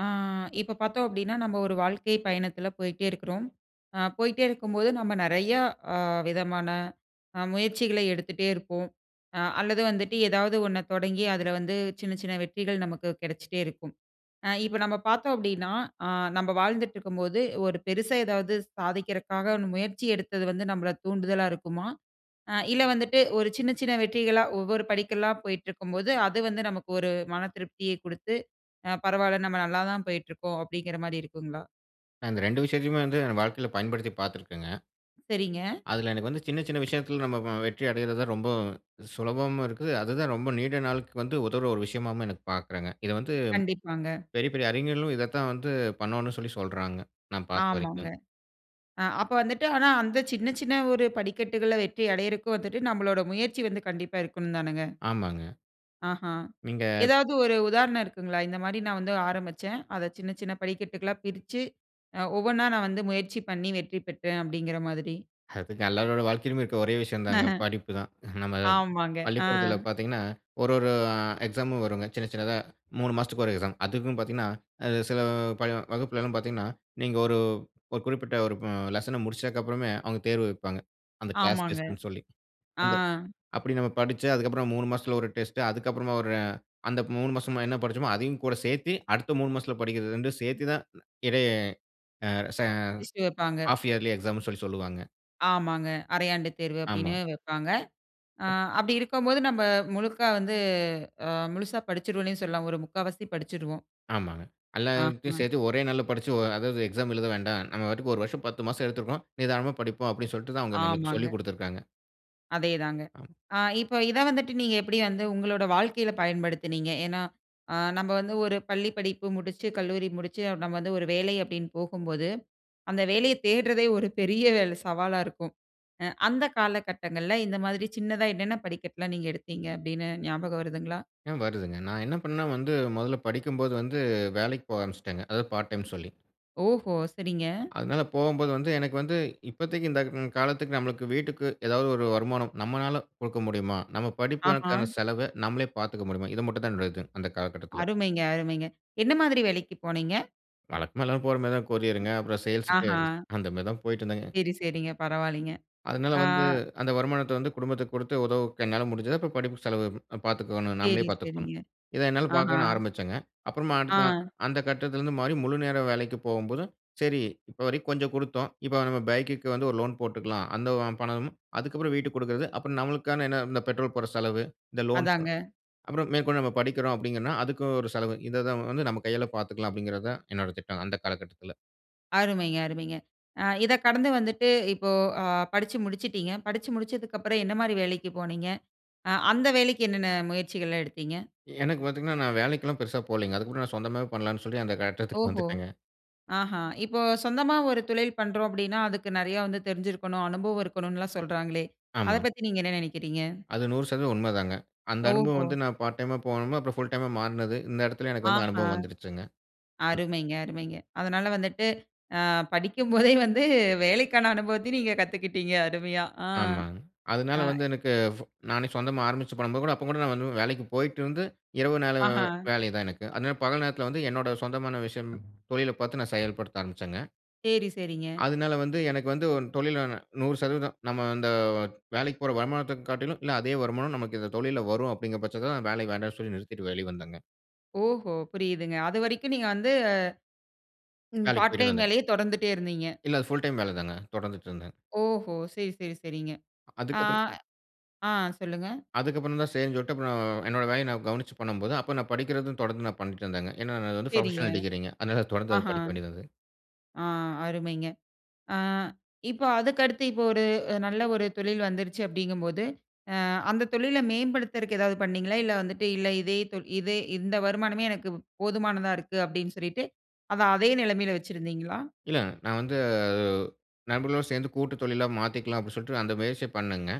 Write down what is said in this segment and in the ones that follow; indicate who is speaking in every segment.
Speaker 1: ஆ இப்போ பார்த்தோம் அப்பிடீன்னா, நம்ம ஒரு வாழ்க்கை பயணத்துல போயிட்டே இருக்கிறோம். அ போயிட்டே இருக்கும்போது, நம்ம நெறையா அ விதமான அ முயற்சிகளை எடுத்துட்டே இருப்போம். அ அல்லது வந்துட்டு, ஏதாவது ஒண்ண தொடங்கி, அதுல வந்து சின்ன சின்ன வெற்றிகள் நமக்கு கிடைச்சிட்டே இருக்கும். அ இப்போ நம்ப பார்த்தோம் அப்பிடீன்னா, அ நம்ப வாழ்ந்துட்டுருக்கும்போது, ஒரு பெருசா ஏதாவது சாதிக்கிறக்காக முயற்சி எடுத்தது வந்து, நம்மள தூண்டுதலா இருக்குமா? அ இல்ல வந்துட்டு, ஒரு சின்ன சின்ன வெற்றிகளா ஒவ்வொரு படிக்கல்லா போயிட்டு இருக்கும்போது, அது வந்து நமக்கு ஒரு மன திருப்தியை குடுத்து அ பரவாயில்ல, நம்ம நல்லா தான் போயிட்டு இருக்கோம், அப்பிடீங்கிற மாரி இருக்குங்களா?
Speaker 2: நான் இந்த 2 விஷயத்தையுமே வந்து என் வாழ்க்கைல பயன்படுத்தி பார்த்துருக்கேங்க.
Speaker 1: சரிங்க.
Speaker 2: அதுல எனக்கு வந்து சின்ன சின்ன விஷயத்தில் நம்ம அ வெற்றி அடைறதுதான் ரொம்ப சுலபமாவும் இருக்கு. அதுதான் ரொம்ப நீண்ட நாளுக்கு வந்து உதவுற ஒரு விஷயமாகவும் எனக்கு பார்க்குறாங்க. இத வந்து
Speaker 1: கண்டிப்பாங்க.
Speaker 2: பெரிய பெரிய அறிஞர்களும் இத தான் வந்து பண்ணணும்னு சொல்லி சொல்றாங்க, நான் பார்த்த
Speaker 1: ஆமாங்க.
Speaker 2: வரைக்கும்.
Speaker 1: அ அப்போ வந்துட்டு, ஆனா அந்த சின்ன சின்ன ஒரு படிக்கட்டுகளா வெற்றி அடையிறக்கு வந்துட்டு, நம்மளோட முயற்சி வந்து கண்டிப்பா இருக்கணும்தானுங்க?
Speaker 2: ஆமாங்க.
Speaker 1: ஆஹா!
Speaker 2: நீங்க
Speaker 1: ஏதாவது ஒரு உதாரணம் இருக்குங்களா? இந்த மாரி நான் வந்து ஆரம்பிச்சேன். அதை சின்ன சின்ன படிக்கட்டுகளா பிரிச்சு, அ ஒவ்வொண்ணா நான் வந்து முயற்சி பண்ணி வெற்றி பெற்றேன், அப்பிடீங்கிற மாதிரி.
Speaker 2: அதுங்க எல்லாரோட வாழ்க்கையிலும் இருக்க ஒரே விஷயம் தாங்க. படிப்பு தான். நம்ம
Speaker 1: ஆமாங்க. ஆ.
Speaker 2: பள்ளிக்கூடத்துல பார்த்தீங்கன்னா, ஒரு ஒரு அ எக்ஸாமும் வருங்க. சின்ன சின்னதா 3 மாசத்துக்கு ஒரு எக்ஸாம். அதுக்கும் பார்த்தீங்கன்னா, அது சில பல வகுப்பிலலாம் பார்த்தீங்கன்னா, நீங்க ஒரு ஒரு குறிப்பிட்ட ஒரு அ லெசன முடித்ததுக்கப்புறமே, அவுங்க தேர்வு வைப்பாங்க. அந்த கிளாஸ்
Speaker 1: ஆமாங்க.
Speaker 2: டெஸ்டு னு சொல்லி.
Speaker 1: ஆ.
Speaker 2: அந்த அப்படி நம்ம படிச்சு, அதுக்கப்புறம் 3 மசத்துல ஒரு டெஸ்டு, அதுக்கப்புறமா ஒரு அ அந்த 3 மாசமா என்ன படிச்சோமோ? அதையும் கூட சேர்த்தி, அடுத்த 3 மாசத்துல படிக்கிறது, 2 சேர்த்து தான் இடையே, அ ச
Speaker 1: டிஸ்சு வைப்பாங்க.
Speaker 2: ஹால்ஃப் இயர்லி எக்ஸாம்ன்னு சொல்லி சொல்லுவாங்க.
Speaker 1: ஆமாங்க. அரையாண்டு தேர்வு அப்படின்னு
Speaker 2: ஆமா.
Speaker 1: வைப்பாங்க. ஆ அப்படி இருக்கும்போது நம்ப முழுக்கா வந்து அ முழுசா படிச்சிடுவேன்னே சொல்லாம் ஒரு முக்காவாசி படிச்சிருவோம்.
Speaker 2: ஆமாங்க. எல்லாத்தையும்
Speaker 1: ஆஹ.
Speaker 2: சேர்த்து ஒரே நாள்ல படிச்சு ஒ அதாவது எக்ஸாம் எழுத வேண்டா. நம்ம பாட்டுக்கு ஒரு வருஷம் 10 மாசம் எடுத்துக்குவோம். நிதானமா படிப்போம் அப்படினு சொல்ட்டு தான் அவங்க நமக்கு
Speaker 1: ஆமாங்க.
Speaker 2: சொல்லிக் குடுத்துருக்காங்க.
Speaker 1: அதேதாங்க.
Speaker 2: அத்
Speaker 1: ஆ இப்ப இத வந்துட்டு நீங்க எப்படி வந்து உங்களோட வாழ்க்கையில பயன்படுத்தினீங்க? ஏனா ஆ நம்ப வந்து ஒரு பள்ளி படிப்பு முடிச்சு, கல்லூரி முடிச்சு நம்ம வந்து ஒரு வேலை அப்படின்னு போகும்போது. அந்த வேலைய தேடுறதே ஒரு பெரிய வேல சவாலா இருக்கும். அ அந்த காலகட்டங்கள்ல இந்த மாதிரி சின்னதா என்னென்ன படிக்கட்டுலாம் நீங்க எடுத்தீங்க அப்படின்னு ஞாபகம் வருதுங்களா?
Speaker 2: ஏன் வருதுங்க. நான் என்ன பண்ணனா வந்து முதல்ல படிக்கும்போது வந்து வேலைக்கு போக ஆரம்பிச்சிட்டேங்க, அதாவது பார்ட் டைம் சொல்லி.
Speaker 1: ஓஹோ! சரிங்க.
Speaker 2: அதனால போகும்போது வந்து எனக்கு வந்து இப்பதைக்கு இந்த ம் காலத்துக்கு நம்மளுக்கு வீட்டுக்கு ஏதாவது ஒரு வருமானம் நம்மளால குடுக்க முடியுமா? நம்ம
Speaker 1: ஆஹா.
Speaker 2: படிப்புக்கான செலவ நம்மளே பார்த்துக்க முடியுமா? இது மட்டும் தான் என்னுடைய இது அந்த காலகட்டத்தில.
Speaker 1: அருமைங்க, அருமைங்க. என்ன மாதிரி வேலைக்கு போனீங்க?
Speaker 2: வழக்கமா எல்லாரும் போற மாரி தான் கொரியர்ங்க, அப்புறம் சேல்ஸ்க்கு
Speaker 1: ஆஹா.
Speaker 2: அந்த மாரி தான் போயிட்டிருந்தேங்க.
Speaker 1: சரி, சரிங்க. பரவாலைங்க.
Speaker 2: அதனால
Speaker 1: ஆ.
Speaker 2: வந்து அந்த வருமானத்த வந்து குடும்பத்துக்கு குடுத்து உதவு க என்னால முடிஞ்சத. அப்புறம் படிப்பு செலவு பார்த்துக்கோணும். நம்மளே
Speaker 1: சரி,
Speaker 2: பார்த்துக்கணும்
Speaker 1: சரிங்க.
Speaker 2: இத என்னால
Speaker 1: ஆஹா
Speaker 2: பார்க்கணும் ஆரம்பிச்சேங்க. அப்புறமா அடுத் அ
Speaker 1: ஆ.
Speaker 2: அந்த கட்டத்திலிருந்து மாறி முழுநேர வேலைக்கு போம்போது. சரி இப்ப வரைக்கும் கொஞ்சம் குடுத்தோம், இப்ப நம்ம பைக்குக்கு வந்து ஒரு லோன் போட்டுக்கலாம், அந்த ஓம் பணமும், அதுக்கப்புறம் வீட்டுக்கு குடுக்குறது, அப்புறம் நம்மளுக்கான என்ன இந்த பெட்ரோல் போடுற செலவு, இந்த லோன்
Speaker 1: அதாங்க.
Speaker 2: செலவு, அப்றம் மேற்கொண்டு நம்ம படிக்கிறோம் அப்டிங்கன்னா, அதுக்கு ஒரு செலவு இத தான் வந்து நம்ம கையால பார்த்துக்கலாம் அப்டிங்கிறத தான் என்னோட திட்டம் அந்த காலகட்டத்தில.
Speaker 1: அருமைங்க, அருமைங்க. அ இதக் கடந்து வந்துட்டு இப்போ அ படிச்சு முடிச்சுட்டீங்க. படிச்சு முடிச்சதுக்கு அப்புறம் என்ன மாரி வேலைக்கு போனீங்க? அ அந்த வேலைக்கு என்னென்ன முயற்சிகள்லாம் எடுத்தீங்க?
Speaker 2: எனக்கு பாத்தீங்கன்னா நான் வேலைக்கெல்லாம் பெருசா போலீங்க, அதுமுன்னா நான் சொந்தமாவே பண்ணலாம்ன்னு சொல்லி அந்த கட்டத்துக்கு
Speaker 1: ஓஹோ!
Speaker 2: வந்துட்டேங்க.
Speaker 1: ஆஹா, இப்போ சொந்தமா ஒரு தொழில் பண்றோம் அப்டின்னா அதுக்கு நெறய வந்து தெரிஞ்சுருக்கனும், அனுபவம் இருக்கனும்லாம் சொல்றாங்களே, அத
Speaker 2: ஆமா.
Speaker 1: பத்தி நீங்க என்ன நினைக்குறீங்க?
Speaker 2: அது 100% உண்மதாங்க, அந்த அனுபவம்
Speaker 1: ஓஹோ!
Speaker 2: வந்து நான் பார்ட் டைமா போனது அப்புறம் ஃபுல் டைமா மாறுனது, இந்த இடத்துல எனக்கு வந்து
Speaker 1: ஆஹா
Speaker 2: அனுபவம் வந்துடுச்சுங்க. அன்
Speaker 1: அருமைங்க, அருமைங்க. அதனால வந்துட்டு அ படிக்கும் போதே வந்து வேலைக்கான அனுபவத்தையும் நீங்க கத்துக்கிட்டீங்க, அருமையா. அ
Speaker 2: ஆமாங்க, அதனால
Speaker 1: ஆ
Speaker 2: வந்து எனக்கு ஃபு நானே சொந்தமா ஆரம்பிச்சு பண்ணும்போது கூட, அப்ப கூட நான் வந்து வேலைக்கு போயிட்டுருந்து, இரவு நேரம்
Speaker 1: ஆஹ.
Speaker 2: வேலைதான் எனக்கு. அதனால பகல் நேரத்துல வந்து, என்னோட சொந்தமான விஷயம் தொழில பாத்து நான் செயல்படுத்த ஆரம்பிச்சேங்க.
Speaker 1: செரி செரிங்க.
Speaker 2: அதனால வந்து எனக்கு வந்து, ஒரு தொழில்ல 100% நம்ம அந்த வேலைக்கு போற வருமானத்த காட்டிலும், இல்ல அதே வருமானம் நமக்கு இந்த தொழில்ல வரும் அப்டிங்குற பட்சத்துல தான், வேலை வேண்டாம்னு சொல்லி நிறுத்திட்டு வெளிய வந்தேங்க.
Speaker 1: ஓஹோ! புரியுதுங்க அது வரைக்கும் நீங்க வந்து. ம்,
Speaker 2: வேலைக்கு
Speaker 1: பார்ட்
Speaker 2: போயிட்டு
Speaker 1: டைம்
Speaker 2: வந்தேங்க.
Speaker 1: வேலயே தொடர்ந்துட்டே இருந்தீங்க?
Speaker 2: இல்ல அது புல் டைம் வேல தாங்க, தொடர்ந்துட்டு இருந்தேன்.
Speaker 1: ஓஹோ! சரி, சரி, சரிங்க ஆ
Speaker 2: அதுக்கப்புறம்
Speaker 1: அ சொல்லுங்க.
Speaker 2: அதுக்கப்புறம் தான் சரினு சொல்ட்டு அப்புறம், என்னோட வேலைய நான் கவனிச்சு பண்ணும்போது, அப்போ நான் படிக்குறதும் தொடர்ந்து நான் பண்ணிட்டு இருந்தேங்க. ஏன்னா அது வந்து
Speaker 1: சரிங்க.
Speaker 2: புரொபஷனல் டிகிரிங்க அதனால, அது தொடர்ந்து
Speaker 1: ஆஹா.
Speaker 2: படிக்க வேண்டியது இருந்தது.
Speaker 1: ஆ அருமைங்க, ஆ இப்ப அதுக்கடுத்து இப்போ ஒரு நல்ல ஒரு தொழில் வந்துருச்சு அப்டிங்கும் போது, அ அந்த தொழில மேம்படுத்தறக்கு ஏதாவது பண்ணீங்களா? இல்ல வந்துட்டு இல்ல இதே தொ இதே இந்த வருமானமே எனக்கு போதுமானதா இருக்கு, அப்டினு சொல்லிட்டு அத அதே நெலமைல வச்சுருந்தீங்களா?
Speaker 2: இல்ல. நான் வந்து நண்பர்களுடன் சேந்து கூட்டு தொழிலா மாத்திக்கலாம் அப்டினு சொல்ட்டு, அந்த முயற்சி பண்ணங்க.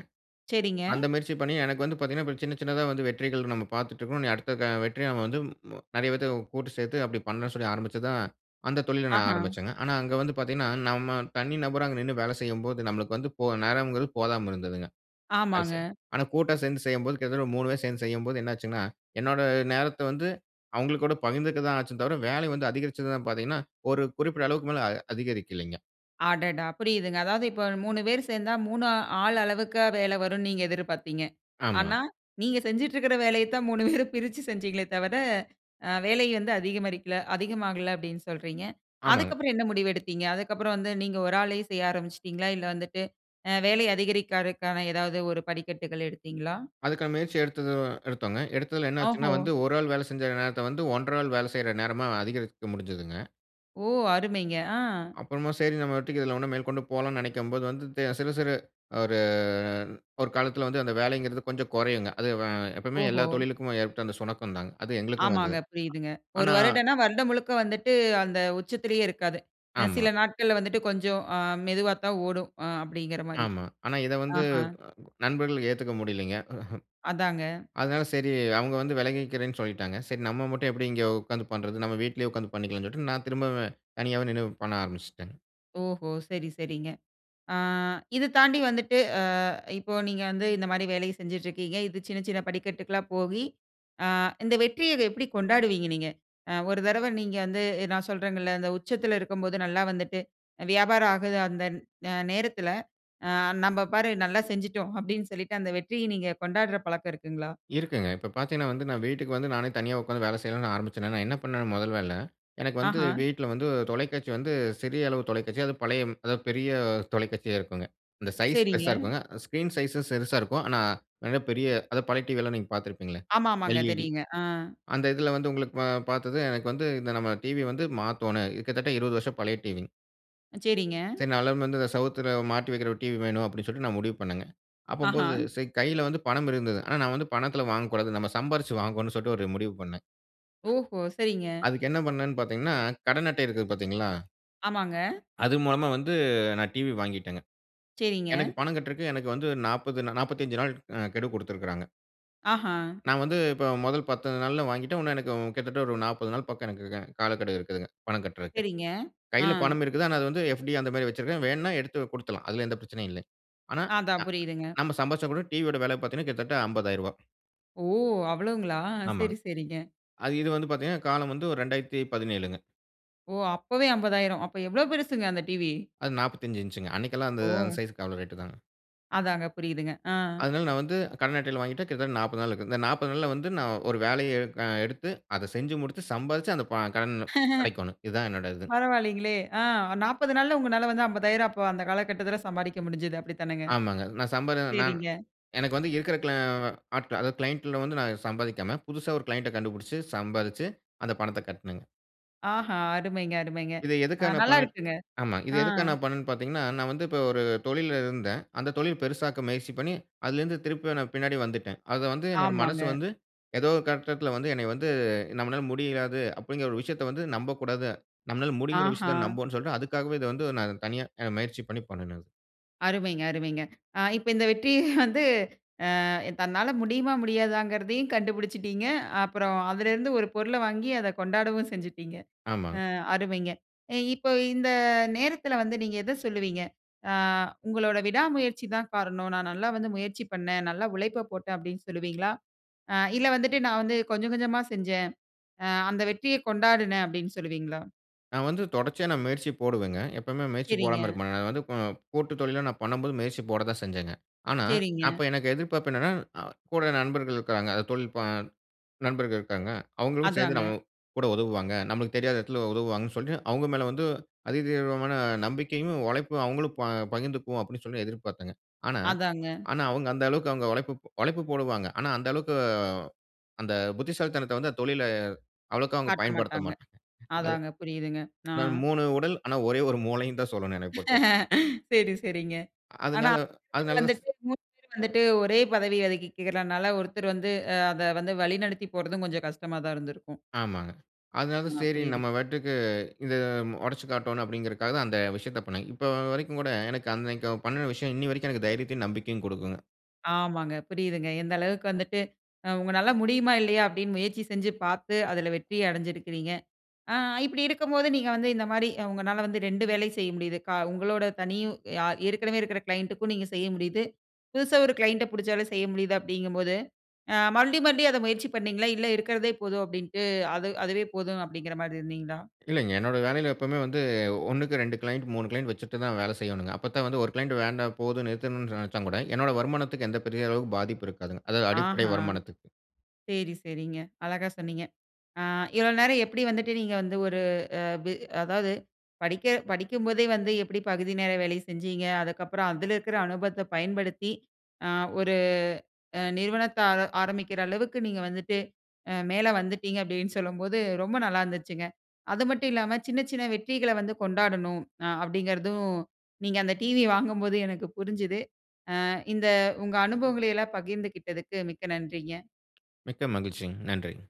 Speaker 1: செரிங்க.
Speaker 2: அந்த முயற்சி பண்ணி எனக்கு வந்து பாத்தீங்கனா, சின்ன சின்னதா வந்து வெற்றிகள் நம்ம பாத்துட்டுருக்குறோம். இனி அடுத்துக்கான வெற்றிய வந்து ம் ம நெறய பேத்த கூட்டு சேத்து அப்டி பண்ணலாம்னு சொல்லி ஆரம்பிச்சது தான் அந்த தொழில நான்
Speaker 1: ஆஹா.
Speaker 2: ஆரம்பிச்சேங்க. ஆனா அங்கு வந்து பாத்தீங்கனா, நம்ம தனி நபர் அங்க நின்னு வேலை செய்யும் போது, நமக்கு வந்து போ நேரம்ங்குறது போதாம இருந்ததுங்க. அதுசரி,
Speaker 1: ஆமாங்க.
Speaker 2: ஆனா கூட்டா சேந்து செய்யும்போது கிட்டத்தட்ட 3 பேரு சேந்து செய்யும்போது, என்ன ஆச்சுங்கனா என்னோட நேரத்த வந்து அவங்கள் கூட பகிர்ந்துக்க தான் ஆச்சு தவிர, வேல வந்து அதிகரிச்சதானு பாத்தீங்கனா, ஒரு குறிப்பிட்ட அளவுக்கு மேல அ அதிகரிக்ககில்லங்க.
Speaker 1: அடடா! புரியுதுங்க, அதாவது இப்போ 3 பேர் சேர்ந்தா, 3 ஆள் அளவுக்கா வேலை வரும்ன்னு நீங்க எதிர்பார்த்தீங்க,
Speaker 2: ஆமா.
Speaker 1: ஆனா நீங்க செஞ்சுட்டு இருக்கிற வேலைய தான் 3 பேரும் பிரிச்சு செஞ்சிங்களே தவிர, அ வேலை வந்து அதிகமாகல- அதிகமாகல அப்டின்னு சொல்றீங்க,
Speaker 2: ஆமாங்க.
Speaker 1: அதுக்கப்புறம் என்ன முடிவு எடுத்தீங்க? அதுக்கப்புறம் வந்து நீங்க ஒரு ஆளே செய்ய ஆரம்பிச்சிட்டீங்களா? இல்ல வந்துட்டு அ வேலை அதிகரிக்கிறதுக்கான ஏதாவது ஒரு படிக்கட்டுகள் எடுத்தீங்களா?
Speaker 2: அதுக்கான முயற்சி எடுத்தது எடுத்தோங்க. எடுத்ததுல என்ன ஆச்சுன்னா
Speaker 1: ஓஹோ!
Speaker 2: வந்து, 1 ஆள் வேல செஞ்ச நேரத்த வந்து 1/2 ஆள் வேலை செய்ற நேரமா அதிகரிக்க முடிஞ்சதுங்க.
Speaker 1: ஓ! அருமைங்க ஆ.
Speaker 2: அப்புறமா சரி நம்ம பாட்டுக்கு இதுல இன்னும் மேற்கொண்டு போலாம்னு நினைக்கும்போது வந்து, சிறு சிறு 1 1 காலத்தில வந்து அந்த வேலைங்கிறது கொஞ்சம் குறையுங்க, அது வ எப்பையுமே
Speaker 1: ஓஹோ!
Speaker 2: எல்லா தொழிலுக்கும் ஏற்பட்ட அந்த சுணக்கம் தாங்க, அது எங்களுக்கும்
Speaker 1: ஆமாங்க
Speaker 2: வந்தது.
Speaker 1: புரியுதுங்க, ஒரு
Speaker 2: ஆனா
Speaker 1: வருடம்னா வருடம் முழுக்க வந்துட்டு, அந்த உச்சத்திலேயே இருக்காது, அ
Speaker 2: ஆமா.
Speaker 1: சில நாட்கள்ல வந்துட்டு கொஞ்சம் அ மெதுவா தான் ஓடும் அ அப்டிங்கிற மாரி,
Speaker 2: ஆமா, ஆனா இத வந்து,
Speaker 1: ஆஹா,
Speaker 2: நண்பர்களுக்கு ஏத்துக்க முடியலைங்க.
Speaker 1: அதாங்க.
Speaker 2: அதனால சரி, அவங்க வந்து விலகிக்கிறேனு சொல்லிட்டாங்க, சரி நம்ம மட்டும் எப்படி இங்கே உட்கார்ந்து பண்றது? நம்ம வீட்லேயே உட்கார்ந்து பண்ணிக்கலான்ட்டு, நான் திரும்பவும் தனியாவே நின்னு பண்ண ஆரம்பிச்சிட்டேங்க.
Speaker 1: ஓஹோ! சரி சரிங்க. ஆங் இத தாண்டி வந்துட்டு அ இப்போ நீங்க வந்து இந்த மாதிரி வேலைய செஞ்சிட்டு இருக்கிங்க, இது சின்ன சின்ன படிக்கட்டுகளா போகி, ஆ இந்த வெற்றிய எப்படி கொண்டாடுவீங்க நீங்க? ஒரு தடவ நீங்க வந்து நான் சொல்றேங்கள்ள, இந்த உச்சத்தில இருக்கும்போது நல்லா வந்துட்டு வியாபாரம் ஆகுது, அந்த நேரத்தில ஆ ''நம்ம பாரு, நல்லா செஞ்சிட்டோம்'' அப்டினு சொல்லிட்டு, அந்த வெற்றிய நீங்க கொண்டாடுற பழக்கம் இருக்குங்களா?
Speaker 2: இருக்குங்க இப்போ பார்த்திங்கன்னா வந்து நான் வீட்டுக்கு வந்து, நானே தனியா உட்கார்ந்து வேலை செய்யனும்னு ஆரம்பிச்சேனா, நான் என்ன பண்னுவேனா முதல வேல, எனக்கு வந்து
Speaker 1: ஆஹா.
Speaker 2: வீட்டில வந்து தொலைக்காட்சி வந்து சிறிய அளவு தொலைக்காட்சி அதுவும் பழைய அதாவது பெரிய தொலைக்காட்சியா இருக்குங்க, அந்த சைஸ்
Speaker 1: சரிங்க.
Speaker 2: பெருசா இருக்குங்க. ஸ்கிரீன் சைஸ் சிறுசா இருக்கும் ஆனா, மிகபெரிய அத பழைய டிவியிலா நீங்க பார்த்திருப்பீங்களே
Speaker 1: ஆமாமாங்க
Speaker 2: ல். இ. டி
Speaker 1: தெரியுங்க.
Speaker 2: அந்த இதில வந்து உங்களுக்கு ப பார்த்தது, எனக்கு வந்து இந்த நம்ம டிவி வந்து மாத்தோனும், கிட்டத்தட்ட 20 வருஷம் பழைய டிவிங்க.
Speaker 1: சரிங்க.
Speaker 2: சரி நா [unintelligible] வந்து செவுத்துல மாட்டி வைக்கிற ஒரு டிவி வேணும், அப்டி சொல்லிட்டு நான் முடிவு பண்ணேங்க.
Speaker 1: ஆஹா.
Speaker 2: அப்பம்போது சரி கையில வந்து பணம் இருந்தது. ஆனா, நான் வந்து பணத்துல வாங்கக்கூடாது. நம்ம சம்பாரிச்சு வாங்கோணுனு சொல்ட்டு ஒரு முடிவு பண்னேன்.
Speaker 1: ஓஹோ. சரிங்க.
Speaker 2: அதுக்கு என்ன பண்ணனேன்னு பாத்தீங்கன்னா, கடன் அட்டை இருக்குது பாத்தீங்களா?
Speaker 1: ஆமாங்க.
Speaker 2: அது மூலமா வந்து நான் டிவி வாங்கிட்டேங்க.
Speaker 1: செரிங்க.
Speaker 2: எனக்கு பணம் கட்றக்கு எனக்கு வந்து 40 நா 45 நாள் அ கெடு குடுத்திருக்குறாங்க.
Speaker 1: ஆஹா.
Speaker 2: நான் வந்து இப்போ மொதல் 10 நாள்ல வாங்கிட்டேன். இன்னும் எனக்கு கிட்டத்தட்ட ஒரு 40 நாள் பக்கம் எனக்கு க காலக்கெடு இருக்குதுங்க, பணம் கட்டறக்கு.
Speaker 1: சரிங்க. ஆ.
Speaker 2: கையில பணம் இருக்குது. ஆனா, அது வந்து ஃஎப்.டி அந்த மாரி வச்சிருக்கேன். வேண்ணா எடுத்து குடுத்துட்லாம். அதுல எந்த பிரச்சனையும் இல்ல. ஆனா,
Speaker 1: அதான்
Speaker 2: அ
Speaker 1: புரியுதுங்க.
Speaker 2: நம்ப சம்பாதிச்சா கூட டி.வி யோட விலை பாத்தீங்கன்னா கிட்டத்தட்ட ரூ. 50000.
Speaker 1: ஓ! அவ்ளோங்களா
Speaker 2: ஆமாங்.
Speaker 1: சரி சரிங்க.
Speaker 2: அது இது வந்து பாத்தீங்கன்னா காலம் வந்து ஒரு 2017ங்க.
Speaker 1: ஓ! அப்பவே 50000! அப்போ எவ்ளோ பெருசுங்க அந்த டிவி?
Speaker 2: அது 45 இன்ச்சுங்க. அன்னைக்கெல்லாம் அந்த அந்த
Speaker 1: ஓ!
Speaker 2: சைஸ்க்கு அவ்ளோ ரேட்டு தாங்க.
Speaker 1: அதாங்க. புரியுதுங்க. ஆ.
Speaker 2: அதனால நான் வந்து, கடன் அட்டையில வாங்கிட்டு கிட்டத்தட்ட 40 நாள் இருக்கு. இந்த 40 நாள்ல வந்து நான் ஒரு வேலைய எடுக் அ எடுத்து, அத செஞ்சு முடிச்சு, சம்பாரிச்சு அந்த ப கடன் அடைக்கோணும். இது தான் என்னோட இது.
Speaker 1: பரவால்லைங்களே! ஆ 40 நாள்ல உங்கனால வந்து, 50000 அப்ப அந்த காலகட்டத்துல சம்பாரிக்க முடிஞ்சுது. அப்டி தானேங்க?
Speaker 2: ஆமாங்க. நான் சம்பாரி நான்
Speaker 1: சரிங்க.
Speaker 2: எனக்கு வந்து இருக்கிற க்ளா ஆ ஆட்கள், அதாவது கிளையன்ட் ல வந்து நான் சம்பாதிக்காம, புதுசா ஒரு கிளையன்ட் ட கண்டுபுடிச்சு, சம்பாதிச்சு அந்த பணத்த கட்னேங்க.
Speaker 1: ஆஹா, அருமைங்க அருமைங்க.
Speaker 2: இத எதுக்காக
Speaker 1: அ
Speaker 2: நான் பண்ணே
Speaker 1: நல்லாருக்குங்க.
Speaker 2: ஆமா. இத
Speaker 1: ஆ.
Speaker 2: எதுக்காக நான் பண்னேன்னு பார்த்தீங்கன்னா, நான் வந்து இப்ப ஒரு தொழில்ல இருந்தேன். அந்த தொழில் பெருசாக்க முயற்சி பண்ணி, அதிலிருந்து திரும்பியும் நான் பின்னாடி வந்துட்டேன். அத வந்து என்னோட மனசு
Speaker 1: ஆமாங்க.
Speaker 2: வந்து ஏதோ ஒரு கட்டத்தில வந்து என்ன வந்து நம்மனால முடியாது அப்டிங்கிற ஒரு விஷயத்த வந்து நம்பக்கூடாது. நம்மனால முடியுங்குற
Speaker 1: ஆஹா.
Speaker 2: விஷயத்த நம்புவோம்ன்னு சொல்லிட்டு அதுக்காகவே இத வந்து நான் தனியா முயற்சி பண்ணி பண்ணுனேன்.
Speaker 1: அருமைங்க அருமைங்க. ஆ இப்ப இந்த வெற்றி வந்து அ தன்னால முடியுமா முடியாதாங்கிறதையும் கண்டுபிடிச்சுட்டீங்க. அப்புறம் அதிலேருந்து ஒரு பொருள வாங்கி அத கொண்டாடவும் செஞ்சுட்டீங்க.
Speaker 2: ஆமாங்க.
Speaker 1: அ அருமைங்க. இப்ப இந்த நேரத்தில வந்து நீங்க எத சொல்லுவீங்க? அ உங்களோட விடா முயற்சி தான் காரணம். நான் நல்லா வந்து முயற்சி பண்ணேன். நல்லா உழைப்ப போட்டேன். அப்படின்னு சொல்லுவீங்களா? அ இல்ல வந்துட்டு நான் வந்து கொஞ்சம் கொஞ்சமா செஞ்சேன். அ அந்த வெற்றிய கொண்டாடினேன் அப்டின்னு சொல்லுவீங்களா?
Speaker 2: நான் வந்து தொடர்ச்சியா நான் முயற்சி போடுவேங்க. எப்வுமே முயற்சி
Speaker 1: சரிங்க.
Speaker 2: போடாம இருக்க மாட்டேன். அது வந்து கோ கூட்டு தொழில்ல நான் பண்ணும்போது முயற்சி போட தான் செஞ்சேங்க. ஆனா
Speaker 1: சரிங்க.
Speaker 2: அப்ப எனக்கு எதிர்பார்ப்பு என்னன்னா, அ கூட நண்பர்கள் இருக்கறாங்க. அது தொழில் ப நண்பர்கள் இருக்காங்க. அவங்களும் சேர்ந்து
Speaker 1: அதாங்க.
Speaker 2: நம்ம கூட உதவுவாங்க, நம்மளுக்கு தெரியாத இடத்தில உதவுவாங்கன்னு சொல்லி, அவங்க மேலே வந்து அதிதீவிரமான நம்பிக்கையும் உழைப்பும் அவங்களும் ப பகிர்ந்துக்குவோம். அப்டின்னு சொல்லி எதிர்பார்த்தேங்க. ஆனா,
Speaker 1: அதாங்க.
Speaker 2: ஆனா அவங்க அந்த அளவுக்கு அவங்க உழைப்பு, உழைப்பு போடுவாங்க. ஆனா அந்த அளவுக்கு அந்த புத்திசாலித்தனத்த வந்து அந்த தொழில்ல அவ்வளவுக்கா அவங்க
Speaker 1: காட்ட
Speaker 2: பயன்படுத்த
Speaker 1: மாட்டாங்க.
Speaker 2: மாட்டாங்க. அது
Speaker 1: அதாங்க புரியுதுங்க. ஆ.
Speaker 2: ஆனா 3 உடல் ஆனா ஒரே 1 மூளைன்னு தான் சொல்லணும் என்னைப் பொறுத்தவரைக்கும்
Speaker 1: சரி சரிங்க. ஆனா
Speaker 2: அதனால
Speaker 1: [unintelligible]
Speaker 2: அதனாலதான் ச
Speaker 1: வந்துட்டு 3 பேர் வந்துட்டு ஒரே பதவி ஒதுக்கிக்கிறனால ஒருத்தர் வந்து அத வந்து வழிநடத்திப் போறதும் கொஞ்சம் கஷ்டமா தான் இருந்திருக்கும்.
Speaker 2: ஆமாங்க. அதனால தான்
Speaker 1: அ,
Speaker 2: சரி
Speaker 1: புரியிது.
Speaker 2: நம்ம பாட்டுக்கு இத உடைச்சுக் காட்டோணும், அப்டிங்க்கிறதுக்காக தான் அந்த விஷயத்த பண்ணினங்க. இப்போ வரைக்கும் கூட எனக்கு பண்ணிய விஷயம் இன்னி வரைக்கும் எனக்கு தைரியத்தையும், நம்பிக்கையும் கொடுக்குங்க.
Speaker 1: ஆமாங்க. புரியுதுங்க. எந்த அளவுக்கு வந்துட்டு, அ உங்களால முடியுமா? இல்லையா? அப்டின்னு முயற்சி செஞ்சு பார்த்து. அதுல வெற்றி அடைஞ்சிருக்கிறீங்க. ஆ இப்டி இருக்கும்போது நீங்க வந்து இந்த மாரி உங்களால வந்து 2 வேலையும் செய்ய முடியுது. கா உங்களோட தனியும் ஆ ஏற்கனவே இருக்கிற க்ளைன்டு க்கும் நீங்க செய்ய முடியுது, புதுசா ஒரு க்ளையண்ட் ட புடிச்சாலே செய்ய முடியுது அப்டிங்கும்போது. அ மறுபடியும் மறுபடியும் அத முயற்சி பண்ணீங்களா? இல்ல இருக்கிறதே போதும் அப்டின்ட்டு அது அதுவே போதும் அப்டிங்கிற மாரி இருந்தீங்களா?
Speaker 2: இல்லைங்க. என்னோட வேலையில எப்போவுமே வந்து, 1க்கு 2 கிளையன்ட் 3 கிளையன்ட் வச்சுட்டு தான் வேல செய்யணுங்க. அப்ப தான் வந்து ஒரு கிளையன்ட் வேண்டாம் போதும் நிறுத்தணும்னு நினைச்சா கூட. என்னோட வருமானத்துக்கு எந்த பெரிய அளவுக்கு பாதிப்பும் இருக்காதுங்க. அதாவது அடிப்படை
Speaker 1: ஆஹம்.
Speaker 2: வருமானத்துக்கு.
Speaker 1: சரி, சரிங்க. அழகா சொன்னீங்க. ஆ. இவ்ளோ நேரம் எப்டி வந்துட்டு நீங்க வந்து ஒரு அ அதாவது படிக்க படிக்கும்போதே வந்து எப்டி பகுதி நேர வேலை செஞ்சிங்க? அதுக்கப்புறம் அதுல இருக்கிற அனுபவத்த பயன்படுத்தி ஆ ஒரு அ நிறுவனத்த ஆர ஆரம்பிக்கிற அளவுக்கு நீங்க வந்துட்டு அ மேல வந்துட்டீங்க அப்டின்னு சொல்லும்போது ரொம்ப நல்லா இருந்துச்சுங்க. அது மட்டும் இல்லாம சின்ன, சின்ன வெற்றிகள வந்து கொண்டாடணும். அ அப்டிங்கிறதும், நீங்க அந்த டிவி வாங்கும்போது எனக்கு புரிஞ்சுது. ஆ இந்த உங்க அனுபவங்கள எல்லாம் பகிர்ந்துகிட்டதுக்கு, மிக்க நன்றிங்க.
Speaker 2: மிக்க மகிழ்ச்சிங் நன்றிங்க.